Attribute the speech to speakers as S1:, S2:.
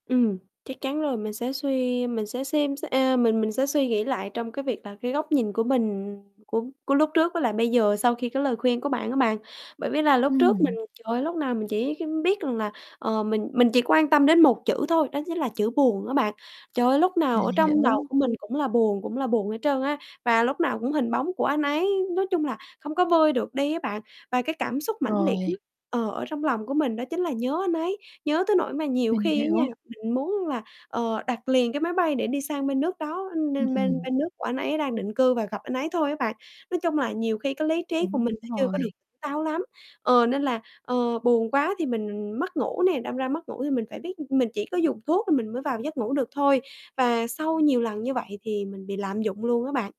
S1: Ừm, chắc chắn rồi, mình sẽ suy mình sẽ xem xe ờ, mình mình sẽ suy nghĩ lại trong cái việc là cái góc nhìn của mình của của lúc trước với lại bây giờ sau khi cái lời khuyên của bạn á bạn. Bởi vì là lúc trước mình
S2: Ừm.
S1: trời ơi, lúc nào mình chỉ cái biết rằng là, ờ, mình mình chỉ quan tâm đến một chữ thôi, đó chính là chữ "buồn" á bạn. Trời ơi, lúc nào
S2: Mình
S1: ở trong đầu
S2: hiểu.
S1: của mình cũng là buồn, cũng là buồn hết trơn á và lúc nào cũng hình bóng của anh ấy nói chung là, không có vơi được đi á bạn. Và cái cảm xúc mãnh liệt
S2: Rồi.
S1: nhất ờ, ở trong lòng của mình đó chính là nhớ anh ấy, nhớ tới nỗi mà nhiều
S2: Mình
S1: khi á nha,
S2: hiểu.
S1: mình muốn là, ờ, đặt liền cái máy bay để đi sang bên nước đó, nên
S2: Ừm
S1: nên bên
S2: hừm.
S1: bên nước của anh ấy đang định cư và gặp anh ấy thôi á bạn. Nói chung là, nhiều khi cái lý trí của mình
S2: Đúng
S1: nó chưa có được
S2: rồi.
S1: táo lắm ờ, nên là, ờ, buồn quá thì mình mất ngủ nè. Đâm ra mất ngủ thì mình phải biết mình chỉ có dùng thuốc thì mình mới vào được giấc ngủ được thôi và sau nhiều lần như vậy thì mình bị lạm dụng luôn á bạn.